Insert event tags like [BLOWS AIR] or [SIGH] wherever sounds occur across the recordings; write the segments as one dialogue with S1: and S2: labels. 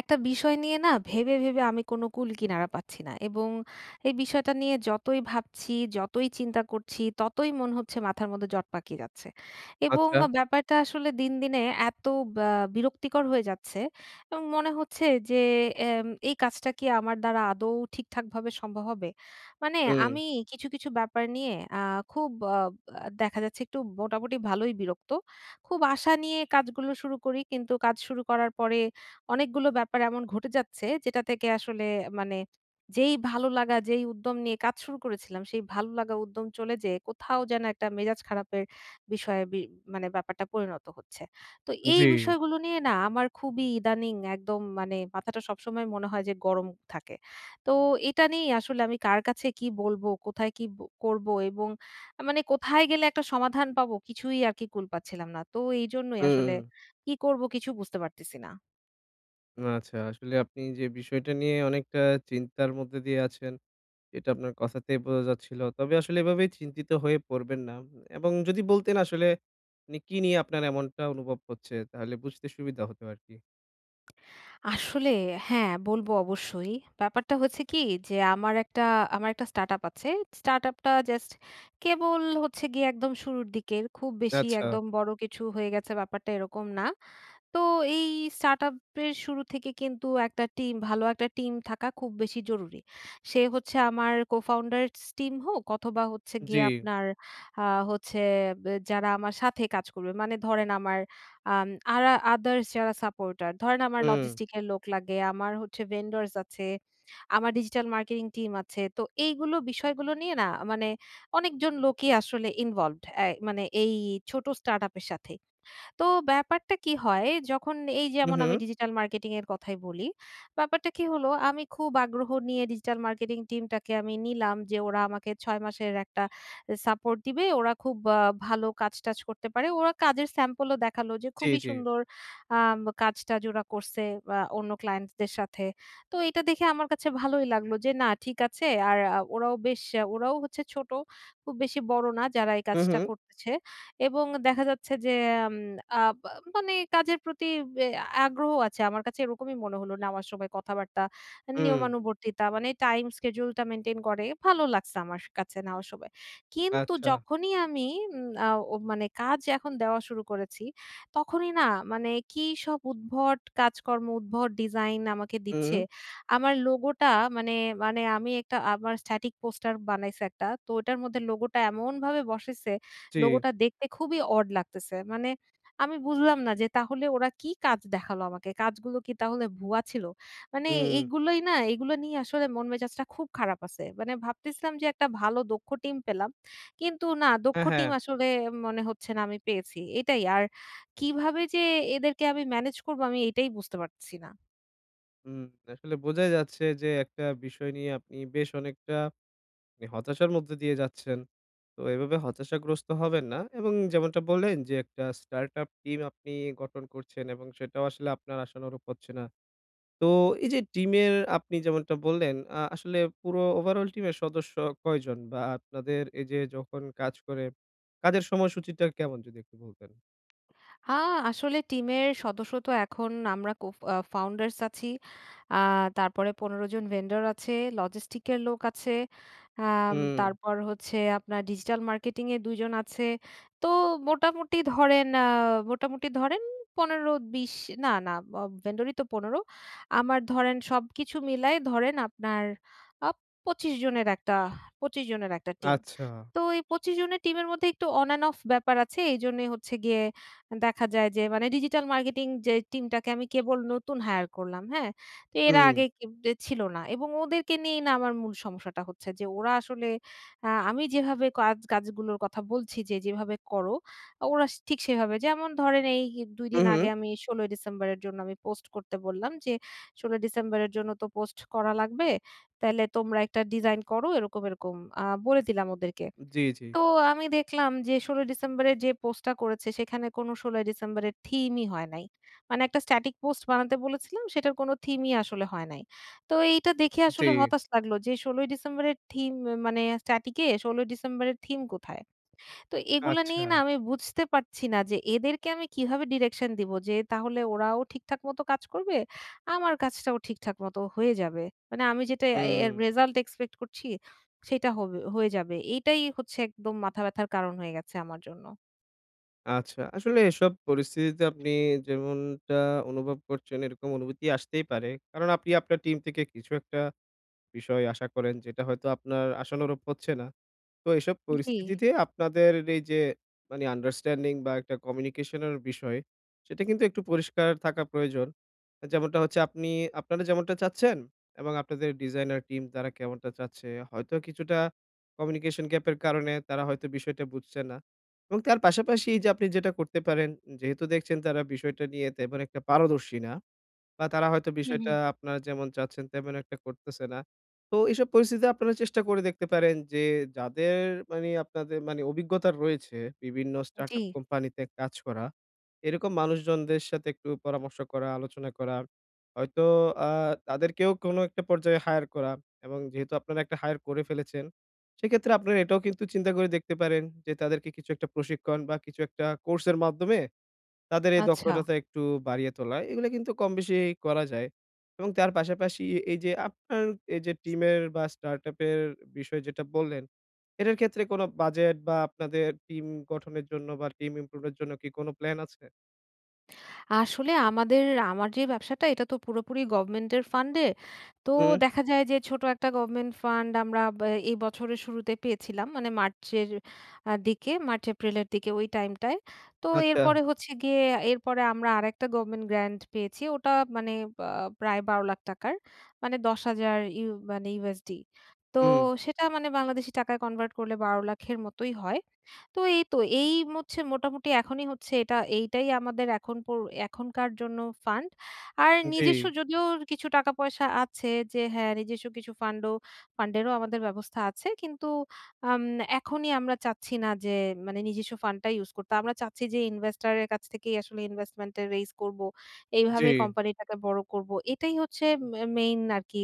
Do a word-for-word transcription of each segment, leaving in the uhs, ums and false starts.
S1: একটা বিষয় না নিয়ে ভেবে, ভেবে আমি কোনো কুল কিনারা পাচ্ছি না। এবং এই বিষয়টা নিয়ে যতই ভাবছি, যতই চিন্তা করছি, ততই মন হচ্ছে মাথার মধ্যে জট পাকিয়ে যাচ্ছে। এবং আ
S2: আচ্ছা।
S1: ব্যাপারটা আসলে দিনদিনে এত ব্যা বিরক্তিকর হয়ে যাচ্ছে, এবং মনে হচ্ছে যে এম এই কাজটা কি আমার দ্বারা আদৌ ঠিকঠাকভাবে সম্ভব হবে? মানে
S2: হুম।
S1: আমি কিছু, কিছু ব্যাপার নিয়ে আ খুব অ অ্যা দেখা যাচ্ছে একটু মোটামুটি ভালোই বিরক্ত। খুব আশা নিয়ে কাজগুলো শুরু করি, কিন্তু কাজ শুরু করার পরে অনেকগুলো ব্যাপার এমন ঘটে যাচ্ছে যেটা থেকে আসলে মানে যেই ভালো লাগা, যেই উদ্যম নিয়ে কাজ শুরু করেছিলাম, সেই ভালো লাগা উদ্যম চলে যেয়ে কোথাও যেন একটা মেজাজ খারাপের বিষয়ে বি মানে ব্যাপারটা পরিণত হচ্ছে। তো এই
S2: জ্বি।
S1: বিষয়গুলো নিয়ে না আমার খুবই ইদানিং একদম মানে মাথাটা সবসময় মনে হয় যে গরম থাকে। তো এটা নিয়েই আসলে আমি কার কাছে কি বলব, কোথায় কি ব করব এবং আ মানে কোথায় গেলে একটা সমাধান পাবো? কিছুই আরকি কুল পাচ্ছিলাম না, তো এইজন্যই আসলে
S2: হু।
S1: কি করব কিছু বুঝতে পারতেছি না।
S2: আচ্ছা। আসলে আপনি যে বিষয়টা নিয়ে অনেকটা চিন্তার মধ্যে দিয়ে আছেন এটা আপনার কথাতেই বোঝা যাচ্ছিল। তবে আসলে এভাবে চিন্তিত হয়ে পড়বেন না এবং যদি বলতেন আসলে মানে কী নিয়ে আপনার এমনটা অনুভব হচ্ছে? তাহলে বুঝতে সুবিধা হতো আরকি।
S1: আসলে হ্যাঁ, বলবো অবশ্যই। ব্যাপারটা হচ্ছে কী যে আমার একটা আমার একটা স্টার্টআপ আছে। স্টার্ট আপ টা জাস্ট কেবল হচ্ছে গিয়ে একদম শুরুর দিকে খুব বেশি
S2: আচ্ছা।
S1: একদম বড় কিছু হয়ে গেছে ব্যাপারটা এরকম না। তো এই স্টার্ট আপ এর শুরু থেকে কিন্তু একটা টিম, ভালো একটা টিম থাকা খুব বেশি জরুরি। সে হচ্ছে আমার co-founder স টিম হোক অথবা হচ্ছে
S2: জ্বি।
S1: গিয়ে আপনার আ হচ্ছে ব্যা যারা আমার সাথে কাজ করবে। মানে ধরেন আমার আম [SMACKS LIPS] আরা আদারস যারা সাপোর্টার। ধরেন আমার
S2: হুম।
S1: logistics এর লোক লাগে, আমার হচ্ছে vendors আছে, আমার ডিজিটাল মার্কেটিং টিম আছে। তো এইগুলো বিষয়গুলো নিয়ে না মানে অনেকজন লোকই আসলে ইনভলভড, আ মানে এই ছোট স্টার্ট আপ এর সাথে। তো ব্যাপারটা কী হয়, যখন এই
S2: উ
S1: যেমন আমি
S2: হু।
S1: ডিজিটাল মার্কেটিং এর কথাই বলি, ব্যাপারটা কী হলো আমি খুব আগ্রহ নিয়ে ডিজিটাল মার্কেটিং টিমটাকে আমি নিলাম যে ওরা আমাকে ছয় মাসের একটা সাপোর্ট দিবে। ওরা খুব ভালো কাজ-টাজ করতে পারে, ওরা কাজের স্যাম্পল ও দেখালো যে
S2: টি,
S1: খুবই
S2: জ্বী।
S1: সুন্দর আব কাজটা যে ওরা করছে আ অন্য ক্লায়েন্টস দের সাথে। তো এইটা দেখে আমার কাছে ভালোই লাগলো যে না ঠিক আছে। আর ওরাও বেশ ওরাও হচ্ছে ছোট। খুব বেশি বড় না যারা এই
S2: উম,
S1: কাজটা
S2: হুম।
S1: করতেছে। এবং দেখা যাচ্ছে যে এম আব মানে কাজের প্রতি বি আগ্রহ আছে। আমার কাছে এরকমই মনে হলো নেওয়ার সময় কথাবার্তা,
S2: উম।
S1: নিয়মানুবর্তিতা মানে টাইম schedule টা মেইনটেইন করে। ভালো লাগছে আমার স কাছে নেওয়ার সময়। কিন্তু
S2: আচ্ছা।
S1: যখনই আমি এম আ ও মানে কাজ এখন দেওয়া শুরু করেছি তখনই না মানে কী সব উদ্ভট কাজকর্ম, উদ্ভট ডিজাইন আমাকে দিচ্ছে।
S2: উম।
S1: আমার লোগো টা মানে মানে আমি একটা আমার static পোস্টার বানাইছে একটা। তো ওটার মধ্যে লোগো টা এমনভাবে বসাইছে
S2: চি।
S1: লোগোটা দেখতে খুবই অড লাগতেছে। মানে আমি বুঝলাম না যে তাহলে ওরা কী কাজ দেখালো আমাকে। কাজগুলো কী তাহলে ভুয়া ছিল? মানে
S2: উম।
S1: এইগুলোই না এইগুলো নিয়ে আসলে মন মেজাজটা খুব খারাপ আছে। মানে ভাবতেছিলাম যে একটা ভালো দক্ষ টিম পেলাম, কিন্তু না দক্ষ
S2: অ্যা, হ্যাঁ।
S1: টিম আসলে মনে হচ্ছে না আমি পেয়েছি। এটাই আর কীভাবে যে এদেরকে আমি ম্যানেজ করবো আমি এটাই বুঝতে পারতেছি না।
S2: হুম। আসলে বোঝাই যাচ্ছে যে একটা বিষয় নিয়ে আপনি বেশ অনেকটা হতাশার মধ্যে দিয়ে যাচ্ছেন। তো এভাবে হতাশাগ্রস্ত হবেন না। এবং যেমনটা বললেন যে একটা স্টার্ট-আপ টিম আপনি গঠন করছেন এবং সেটাও আসলে আপনার আশানুরূপ হচ্ছে না। তো এই যে টিমের আপনি যেমনটা বললেন, আ আসলে পুরো ওভারঅল টিমের সদস্য কয়জন বা আপনাদের এই যে যখন কাজ করে, কাজের সময়সূচীটা কেমন যদি একটু বলতেন।
S1: হা, আসলে টিমের সদস্য তো এখন আমরা কো আ ফাউন্ডার্স আছি। আ তারপরে পনের জন ভেন্ডার আছে, লজিস্টিক এর লোক আছে। আম
S2: হু।
S1: তারপর হচ্ছে আপনার ডিজিটাল মার্কেটিং এর দুই জন আছে। তো মোটামুটি ধরেন, আ মোটামুটি ধরেন পনের বিশ না, না, অব ভেন্ডরই তো পনের আমার ধরেন সবকিছু মিলায় ধরেন আপনার আ পচিশ জনের একটা [BLOWS AIR] পচিশ জনের একটা টিম।
S2: আচ্ছা।
S1: তো এই পচিশ জনের টিমের মধ্যে একটু অন অ্যান্ড অফ ব্যাপার আছে। এইজন্য হচ্ছে গিয়ে দেখা যায় যে মানে ডিজিটাল মার্কেটিং যে টিমটাকে আমি কেবল নতুন হাইয়ার করলাম। হ্যাঁ, তো এরা
S2: হুম।
S1: আগে ছিল না। এবং ওদেরকে নিয়েই না আমার মূল সমস্যাটা হচ্ছে, যে ওরা আসলে আ আমি যেভাবে কা কাজগুলোর কথা বলছি যে যেভাবে করো, ওরা ঠিক সেভাবে যেমন ধরেন দুই
S2: হু,
S1: দিন আগে
S2: হু।
S1: আমি ষোল ই ডিসেম্বরের জন্য আমি পোস্ট করতে বললাম যে ষোল ই ডিসেম্বরের জন্য তো পোস্ট করা লাগবে। তাইলে তোমরা একটা ডিজাইন করো এরকম, এরকম, আ বলে দিলাম ওদেরকে।
S2: জ্বী, জ্বী।
S1: তো আমি দেখলাম যে ষোল ই ডিসেম্বরের যে পোস্টটা করেছে সেখানে কোনো ষোল ই ডিসেম্বরের থিমই হয় নাই। মানে একটা স্ট্যাটিক পোস্ট বানাতে বলেছিলাম সেটার কোন থিমই আসলে হয় নাই। তো এইটা দেখে
S2: জি।
S1: আসলে হতাশ লাগলো যে ষোল ই ডিসেম্বরের থিম ম মানে স্ট্যাটিকে ষোল ই ডিসেম্বরের থিম কোথায়? তো এগুলো নিয়ে না
S2: আচ্ছা।
S1: আমি বুঝতে পারছি না যে এদেরকে আমি কিভাবে ডিরেকশন দিব যে তাহলে ওরাও ঠিকঠাক মত কাজ করবে। আমার কাজটাও ঠিকঠাক মত হয়ে যাবে। মানে আমি যেটা এ্যা এর
S2: হুম।
S1: রেসাল্ট এক্সপেক্ট করছি সেটা হবে, হয়ে যাবে। এইটাই হচ্ছে একদম মাথা ব্যাথার কারণ হয়ে গেছে আমার জন্য।
S2: আচ্ছা। আসলে এসব পরিস্থিতিতে
S1: [CLICKS TONGUE]
S2: আপনি যেমনটা অনুভব করছেন এরকম অনুভূতি আসতেই পারে। কারণ আপনি আপনার টিম থেকে কিছু একটা বিষয় আশা করেন যেটা হয়তো আপনার আশানুরূপ হচ্ছে না। তো এসব
S1: জ্বি।
S2: পরিস্থিতিতে আপনাদের এই যে মানে আন্ডারস্ট্যান্ডিং বা একটা কমিউনিকেশনের বিষয় সেটা কিন্তু একটু পরিষ্কার থাকা প্রয়োজন। যেমনটা হচ্ছে আপনি আপনারা যেমনটা চাচ্ছেন এবং আপনাদের ডিজাইনার টিম তারা কেমনটা চাচ্ছে? হয়তো কিছুটা কমিউনিকেশন গ্যাপ এর কারণে তারা হয়তো বিষয়টা বুঝছে না। এবং তার পাশাপাশি যে আপনি যেটা করতে পারেন যেহেতু দেখছেন তারা বিষয়টা নিয়ে তেমন একটা পারদর্শী না বা তারা হয়তো
S1: হুম,
S2: বিষয়টা
S1: হুম।
S2: আপনারা যেমন চাচ্ছেন তেমন একটা করতেছে না। তো এইসব পরিস্থিতিতে আপনারা চেষ্টা করে দেখতে পারেন যে যাদের মানে আপনাদের মানে অভিজ্ঞতা রয়েছে বিভিন্ন start
S1: জ্বী।
S2: up কোম্পানি তে কাজ করা। এরকম মানুষজনদের সাথে একটু পরামর্শ করা, আলোচনা করা হয়তো আ তাদেরকেও কোনো একটা পর্যায়ে হায়ার করা এবং যেহেতু আপনারা একটা হায়ার করে ফেলেছেন সেক্ষেত্রে আপনারা এটাও কিন্তু চিন্তা করে দেখতে পারেন যে তাদেরকে কিছু একটা প্রশিক্ষণ বা কিছু একটা কোর্স এর মাধ্যমে তাদের এই
S1: আচ্ছা।
S2: দক্ষতাটা একটু বাড়িয়ে তোলা। এগুলো কিন্তু কমবেশি করা যায় এবং তার পাশাপাশি এই যে আপনার এই যে টিমের বা স্টার্ট আপের বিষয় যেটা বল্লেন এটার ক্ষেত্রে কোনো বাজেট বা আপনাদের টিম গঠনের জন্য বা টিম ইমপ্রুভ এর জন্য কী কোনো প্ল্যান আছে?
S1: আসলে আমাদের আমার যে ব্যবসাটা এটা তো পুরোপুরি গভমেন্ট এর ফান্ড এ। তো
S2: হুম।
S1: দেখা যায় যে ছোট একটা গভমেন্ট ফান্ড আমরা ব এই বছরের শুরুতে পেয়েছিলাম। মানে মার্চের আ দিকে মার্চ-এপ্রিলের দিকে ওই টাইমটায়। তো
S2: আচ্ছা।
S1: এরপরে হচ্ছে গিয়ে এরপরে আমরা আরেকটা government grant পেয়েছি। ওটা মানে বা প্রায় বারো লাখ টাকার মানে দশ হাজার ইউ মানে USD। তো
S2: হুম।
S1: সেটা মানে বাংলাদেশী টাকায় কনভার্ট করলে বারো লাখ এর মতোই হয়। তো এই তো এই ম হচ্ছে মোটামুটি এখনই হচ্ছে এটা এইটাই আমাদের এখন পোর এখনকার জন্য ফান্ড। আর
S2: উম জ্বী।
S1: নিজেস্ব যদিও কিছু টাকা-পয়সা আছে যে হ্যাঁ নিজেস্ব কিছু ফান্ড ও ফান্ড এরও আমাদের ব্যবস্থা আছে। কিন্তু আম এখনই আমরা চাচ্ছি না যে মানে নিজেস্ব ফান্ড টা ইউস করতে। আমরা চাচ্ছি যে investor এর কাছ থেকেই আসলে investment এর রেইস করব, এইভাবে
S2: জ্বী।
S1: কোম্পানি টাকে বড় করব। এটাই হচ্ছে মে মেইন আরকি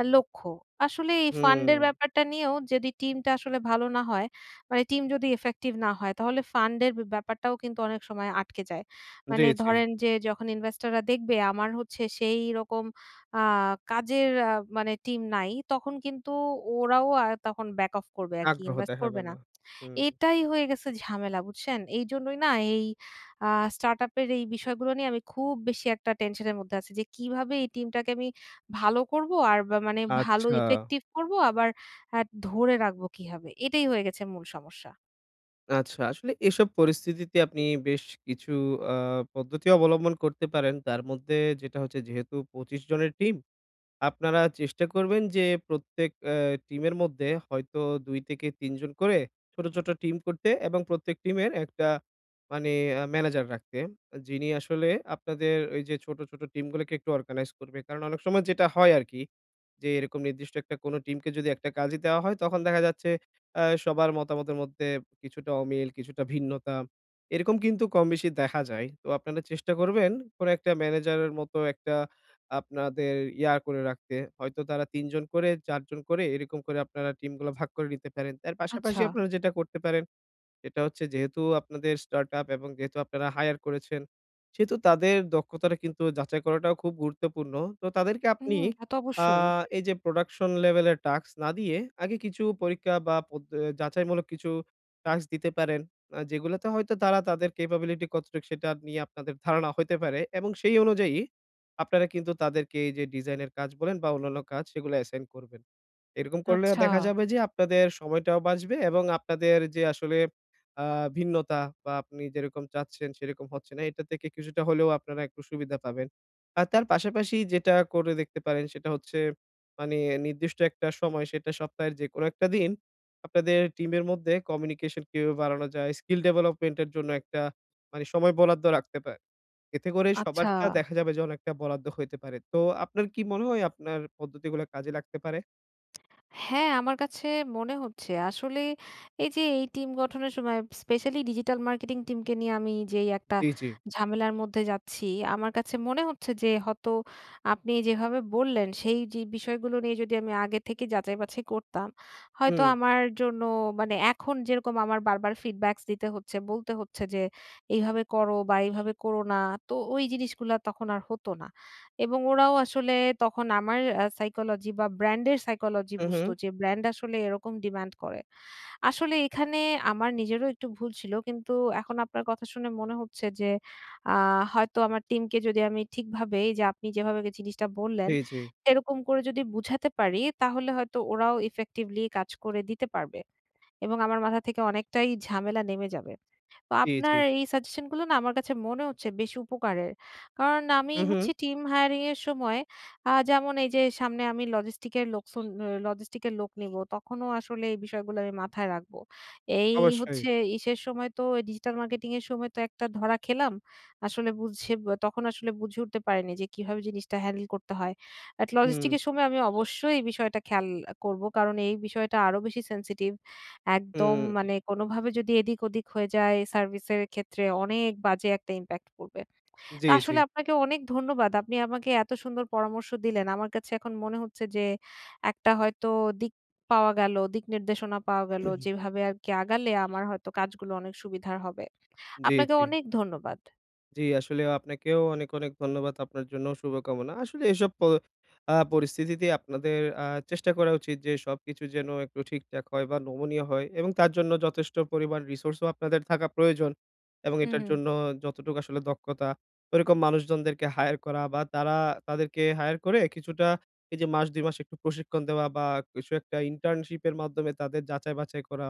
S1: আ লক্ষ্য। আসলে এই ফান্ড এর
S2: হুম।
S1: ব্যাপারটা নিয়েও যেদি টিম টা আসলে ভালো না হয়, মানে টিম যদি effective না হয় তাহলে ফান্ড এর বে ব্যাপারটাও কিন্তু অনেক সময় আটকে যায়।
S2: জ্বী,
S1: মানে
S2: জ্বী।
S1: ধরেন যে যখন ইনভেস্টর রা দেখবে আমার হচ্ছে সেইরকম আ কাজের আ মানে টিম নাই, তখন কিন্তু ওরাও আ তখন back off করবে আরকি,
S2: আগ্রহ
S1: ইনভেস্ট
S2: দেখাবে
S1: করবে না।
S2: না, হুম।
S1: এটাই হয়ে গেছে ঝামেলা বুঝছেন? এইজন্যই না এই আ স্টার্ট আপ এর এই বিষয়গুলো নিয়ে আমি খুব বেশি একটা টেনশন এর মধ্যে আছি। যে কিভাবে এই টিমটাকে আমি ভালো করব আর ব মানে ভালো
S2: আচ্ছা।
S1: ইফেক্টিভ করব আবার আ ধরে রাখবো কিভাবে? এটাই হয়ে গেছে মূল সমস্যা।
S2: আচ্ছা আসলে এসব পরিস্থিতিতে আপনি বেশ কিছু আ পদ্ধতি অবলম্বন করতে পারেন। তার মধ্যে যেটা হচ্ছে যেহেতু পঁচিশ জনের টিম আপনারা চেষ্টা করবেন যে প্রত্যেক এ্যা টিমের মধ্যে হয়তো দুই থেকে তিন জন করে ছোট, ছোট, টিম করতে এবং প্রত্যেক টিমের একটা মানি ম্যানেজার রাখতে। যিনি আসলে আপনাদের ওই যে ছোট, ছোট, টিম গুলোকে একটু অর্গানাইজ করবে। কারণ অনেক সময় যেটা হয় আরকি যে, এরকম নির্দিষ্ট একটা কোন টিমকে যদি একটা কাজই দেওয়া হয় তখন দেখা যাচ্ছে আ সবার মতামতের মধ্যে কিছুটা অমিল, কিছুটা ভিন্নতা এরকম কিন্তু কমবেশি দেখা যায়। তো আপনারা চেষ্টা করবেন কোন একটা ম্যানেজার এর মতো একটা আপনাদের ইয়া করে রাখতে। হয়তো তারা তিন জন করে চার জন করে এরকম করে আপনারা টিম গুলা ভাগ করে নিতে পারেন। তার পাশাপাশি
S1: আচ্ছা।
S2: আপনারা যেটা করতে পারেন। এটা হচ্ছে যেহেতু আপনাদের স্টার্টআপ এবং যেহেতু আপনারা হায়ার করেছেন। সেহেতু তাদের দক্ষতাটা কিন্তু যাচাই করাটাও খুব গুরুত্বপূর্ণ। তো তাদেরকে
S1: হু,
S2: আপনি
S1: তা তো
S2: আ
S1: অবশ্যই।
S2: এই যে প্রোডাকশন লেভেলের টাস্ক না দিয়ে আগে কিছু পরীক্ষা বা পদ্ধ এ যাচাইমূলক কিছু টাস্ক দিতে পারেন। আ যেগুলোতে হয়তো তারা তাদের ক্যাপাবিলিটি কতটুক সেটা নিয়ে আপনাদের ধারণা হইতে পারে এবং সেই অনুযায়ী আপনারা কিন্তু তাদেরকে এই যে ডিজাইনের কাজ বলেন বা অন্যান্য কাজ সেগুলা অ্যাসাইন করবেন। এরকম করলে
S1: আচ্ছা।
S2: দেখা যাবে যে, আপনাদের সময়টাও বাঁচবে এবং আপনাদের যে আসলে আ ভিন্নতা বা আপনি যেরকম চাচ্ছেন সেরকম হচ্ছে না এটা থেকে কিছুটা হলেও আপনারা একটু সুবিধা পাবেন। আর তার পাশাপাশি যেটা করে দেখতে পারেন। সেটা হচ্ছে মানি নির্দিষ্ট একটা সময় সেটা সপ্তাহের যেকোনো একটা দিন, আপনাদের টিমের মধ্যে কমিউনিকেশন কিভাবে বাড়ানো যায়। স্কিল ডেভেলপমেন্ট এর জন্য একটা মানে সময় বরাদ্দ রাখতে পা এতে করে
S1: আচ্ছা।
S2: সবারটা দেখা যাবে যে অনেকটা বরাদ্দ হইতে পারে। তো আপনার কি মনে হয় আপনার পদ্ধতিগুলা কাজে লাগতে পারে?
S1: হ্যাঁ, আমার কাছে মনে হচ্ছে, আসলে এই যে এই টিম গঠনের সময় স্পেশালি ডিজিটাল মার্কেটিং টিমকে নিয়ে আমি যেই একটা
S2: জি, জি।
S1: ঝামেলার মধ্যে যাচ্ছি। আমার কাছে মনে হচ্ছে যে হতো আপনি যেভাবে বললেন সেই যে বিষয়গুলো নিয়ে যদি আমি আগে থেকে যাচাই-বাছাই করতাম। হয়তো
S2: হুম।
S1: আমার জন্য মানে এখন যেরকম আমার বারবার ফিডব্যাকস দিতে হচ্ছে, বলতে হচ্ছে যে এইভাবে করো বা এইভাবে করো না। তো ওই জিনিসগুলা তখন আর হতো না। এবং ওরাও আসলে তখন আমার অ্যা সাইকোলজি বা ব্র্যান্ড এর সাইকোলজি
S2: হু,
S1: বুঝতো
S2: হু।
S1: যে ব্র্যান্ড আসলে এরকম ডিমান্ড করে। আসলে এখানে আমার নিজেরও একটু ভুল ছিল। কিন্তু এখন আপনার কথা শুনে মনে হচ্ছে যে আ হয়তো আমার টিমকে যদি আমি ঠিকভাবে যে আপনি যেভাবে জিনিসটা বললেন।
S2: জি, জি।
S1: এরকম করে যদি বুঝাতে পারি তাহলে হয়তো ওরাও ইফেক্টিভলি কাজ করে দিতে পারবে। এবং আমার মাথা থেকে অনেকটাই ঝামেলা নেমে যাবে। তো
S2: জ্বী,
S1: আপনার
S2: জ্বী।
S1: এই সাজেশনগুলো না আমার কাছে মনে হচ্ছে বেশি উপকারের। কারণ আমি
S2: হু,
S1: হচ্ছি
S2: হু।
S1: টিম হায়ারিং এর সময় আ যেমন এই যে সামনে আমি লজিস্টিক এর লোকসন অ লজিস্টিক এর লোক নিবো। তখনো আসলে এই বিষয়গুলো আমি মাথায় রাখবো। এই
S2: অবশ্যই।
S1: হচ্ছে ইসের সময় তো ডিজিটাল মার্কেটিং এর সময় তো একটা ধরা খেলাম। আসলে বুঝঝে বে তখন আসলে বুঝে উঠতে পারিনি যে কিভাবে জিনিসটা হ্যান্ডেল করতে হয়? এট
S2: হম।
S1: লজিস্টিকস এর সময় আমি অবশ্যই এই বিষয়টা খেয়াল করব। কারণ এই বিষয়টা আরো বেশি সেনসিটিভ। একদম
S2: হুম।
S1: মানে কোনোভাবে যদি এদিক ওদিক হয়ে যায় সার্ভিসের ক্ষেত্রে অনেক বাজে একটা ইমপ্যাক্ট পড়বে। তো
S2: জ্বী, জ্বী।
S1: আসলে আপনাকে অনেক ধন্যবাদ। আপনি আমাকে এত সুন্দর পরামর্শ দিলেন। আমার কাছে এখন মনে হচ্ছে যে একটা হয়তো দিক পাওয়া গেল, দিক নির্দেশনা পাওয়া গেল।
S2: [CLEARS THROAT]
S1: যেভাবে আরকি আগালে আমার হয়তো কাজগুলো অনেক সুবিধার হবে।
S2: জ্বী,
S1: আপনাকে
S2: জ্বী।
S1: অনেক ধন্যবাদ।
S2: জ্বি আসলে আপনাকেও অনেক, অনেক, ধন্যবাদ আপনার জন্য শুভকামনা। আসলে এসব প আ পরিস্থিতিতে আপনাদের আ চেষ্টা করা উচিত যে সবকিছু যেন একটু ঠিকঠাক হয় বা নমুনীয় হয় এবং তার জন্য যথেষ্ট পরিমাণ রিসোর্স ও আপনাদের থাকা প্রয়োজন। এবং
S1: হু,
S2: এটার
S1: হু।
S2: জন্য যতটুকু আসলে দক্ষতা ঐরকম মানুষজনদেরকে হায়ার করা বা তারা তাদেরকে হায়ার করে কিছুটা এই যে মাস দুই মাস একটু প্রশিক্ষণ দেওয়া বা কিছু একটা ইন্টার্নশিপ এর মাধ্যমে তাদের যাচাই-বাছাই করা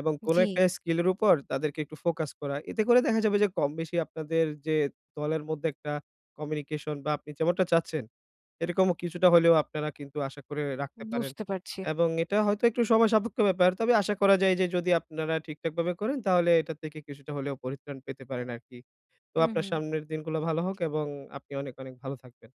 S2: এবং কোন
S1: জ্বি।
S2: একটা স্কিল এর উপর তাদেরকে একটু ফোকাস করা। এতে করে দেখা যাবে যে কমবেশি আপনাদের যে দলের মধ্যে একটা কমিউনিকেশন বা আপনি যেমনটা চাচ্ছেন। এরকম কিছুটা হলেও আপনারা কিন্তু আশা করে রাখতে পারেন।
S1: বুঝতে পারছি।
S2: এবং এটা হয়তো একটু সময় সাপেক্ষ ব্যাপার। তবে আশা করা যায় যে যদি আপনারা ঠিকঠাকভাবে করেন তাহলে এটা থেকে কিছুটা হলেও পরিত্রাণ পেতে পারেন আরকি। তো
S1: হু,
S2: আপনার
S1: হু।
S2: সামনের দিনগুলো ভালো হোক এবং আপনি অনেক, অনেক, ভালো থাকবেন।